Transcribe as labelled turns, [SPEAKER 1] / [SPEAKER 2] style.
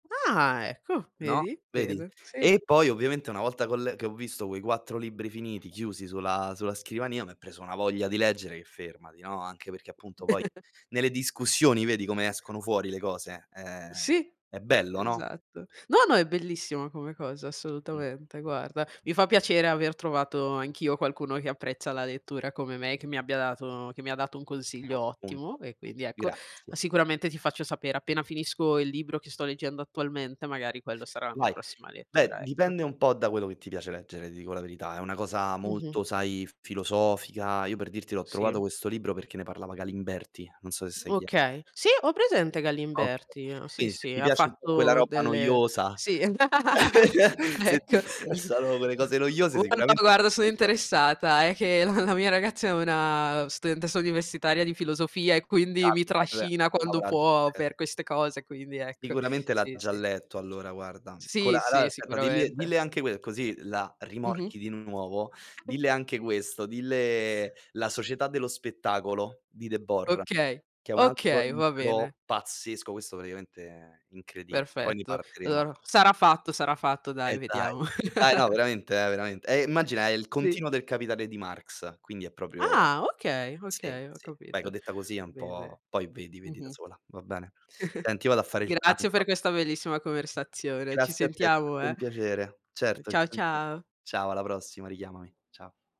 [SPEAKER 1] Ah, ecco,
[SPEAKER 2] No,
[SPEAKER 1] vedi?
[SPEAKER 2] vedi?
[SPEAKER 1] Bene. Sì.
[SPEAKER 2] E poi, ovviamente, una volta che ho l che ho visto quei 4 libri finiti, chiusi sulla sulla scrivania, m'è preso una voglia di leggere che fermati, no? Anche perché, appunto,
[SPEAKER 1] [unintelligible]
[SPEAKER 2] poi nelle discussioni vedi come escono fuori le cose? Eh,
[SPEAKER 1] Sì,
[SPEAKER 2] è bello, no?
[SPEAKER 1] esatto. No, no, è bellissima come cosa,
[SPEAKER 2] Mh.
[SPEAKER 1] assolutamente, guarda. Mi fa piacere aver trovato anch'io qualcuno che apprezza la lettura come me, che mi abbia dato che mi dato un
[SPEAKER 2] Bello
[SPEAKER 1] consiglio ottimo
[SPEAKER 2] spunto.
[SPEAKER 1] e quindi, ecco, ah,
[SPEAKER 2] Grazie.
[SPEAKER 1] sicuramente ti faccio sapere, appena finisco il libro che sto leggendo attualmente. Magari quello sarà la mia
[SPEAKER 2] Vai.
[SPEAKER 1] prossima
[SPEAKER 2] Beh,
[SPEAKER 1] lettura, ecco.
[SPEAKER 2] dipende un po' da quello che ti piace leggere, ti dico la verità. È una cosa
[SPEAKER 1] Mh-mh.
[SPEAKER 2] molto, sai, filosofica. Io per dirti l'ho trovato
[SPEAKER 1] Sì.
[SPEAKER 2] questo libro perché ne parlava Galimberti, non so sai chi è.
[SPEAKER 1] Okay. Sì, ho presente
[SPEAKER 2] Okay.
[SPEAKER 1] Galimberti. Sì,
[SPEAKER 2] Quindi se
[SPEAKER 1] sì,
[SPEAKER 2] ti
[SPEAKER 1] ha
[SPEAKER 2] piace un po' quella
[SPEAKER 1] fatto
[SPEAKER 2] roba
[SPEAKER 1] delle
[SPEAKER 2] noiosa.
[SPEAKER 1] sì,
[SPEAKER 2] Se ti
[SPEAKER 1] ecco.
[SPEAKER 2] [unintelligible] quelle cose noiose
[SPEAKER 1] Guarda,
[SPEAKER 2] sicuramente mi
[SPEAKER 1] guarda
[SPEAKER 2] hai
[SPEAKER 1] sono
[SPEAKER 2] capito.
[SPEAKER 1] interessata, è che la la mia ragazza è una studentessa universitaria di filosofia e quindi mi trascina quando può
[SPEAKER 2] [unintelligible]
[SPEAKER 1] per queste cose, quindi ecco.
[SPEAKER 2] Sicuramente l'ha
[SPEAKER 1] Sì,
[SPEAKER 2] già
[SPEAKER 1] sì.
[SPEAKER 2] letto allora, guarda. Con la
[SPEAKER 1] Sì,
[SPEAKER 2] allora,
[SPEAKER 1] sì,
[SPEAKER 2] aspetta, dille
[SPEAKER 1] sicuramente.
[SPEAKER 2] dille anche que così la
[SPEAKER 1] Mh-mh.
[SPEAKER 2] rimorchi di nuovo. Dille anche questo, dille: "La
[SPEAKER 1] S
[SPEAKER 2] società dello spettacolo" di Debord,
[SPEAKER 1] Okay,
[SPEAKER 2] che è un altro
[SPEAKER 1] okay. Va
[SPEAKER 2] libro
[SPEAKER 1] bene.
[SPEAKER 2] pazzesco, questo praticamente è incredib poi ne
[SPEAKER 1] Perfetto,
[SPEAKER 2] parleremo.
[SPEAKER 1] allor sarà fatto, sarà fatto. Dai,
[SPEAKER 2] Eddai.
[SPEAKER 1] vediamo.
[SPEAKER 2] Dai, no, veramente eh, veramente. E immagina, è il
[SPEAKER 1] Sì.
[SPEAKER 2] continuo del "Capitale" di Marx, quindi è proprio
[SPEAKER 1] Ah, okay,
[SPEAKER 2] sì,
[SPEAKER 1] okay. Ho
[SPEAKER 2] sì. Vai co
[SPEAKER 1] capito.
[SPEAKER 2] detta così è un
[SPEAKER 1] Bene.
[SPEAKER 2] po' poi vedi, vedi da
[SPEAKER 1] Mh-mh.
[SPEAKER 2] sola, va bene? Senti, io vado a fare il
[SPEAKER 1] Grazie per
[SPEAKER 2] pranzo.
[SPEAKER 1] questa bellissima conversazione, ci
[SPEAKER 2] Grazie a te, è
[SPEAKER 1] sentiamo,
[SPEAKER 2] sempre un
[SPEAKER 1] eh.
[SPEAKER 2] piacere. Certo, ci
[SPEAKER 1] Ciao,
[SPEAKER 2] sentiamo.
[SPEAKER 1] ciao.
[SPEAKER 2] Ciao, alla prossima. Richiamami. Ciao.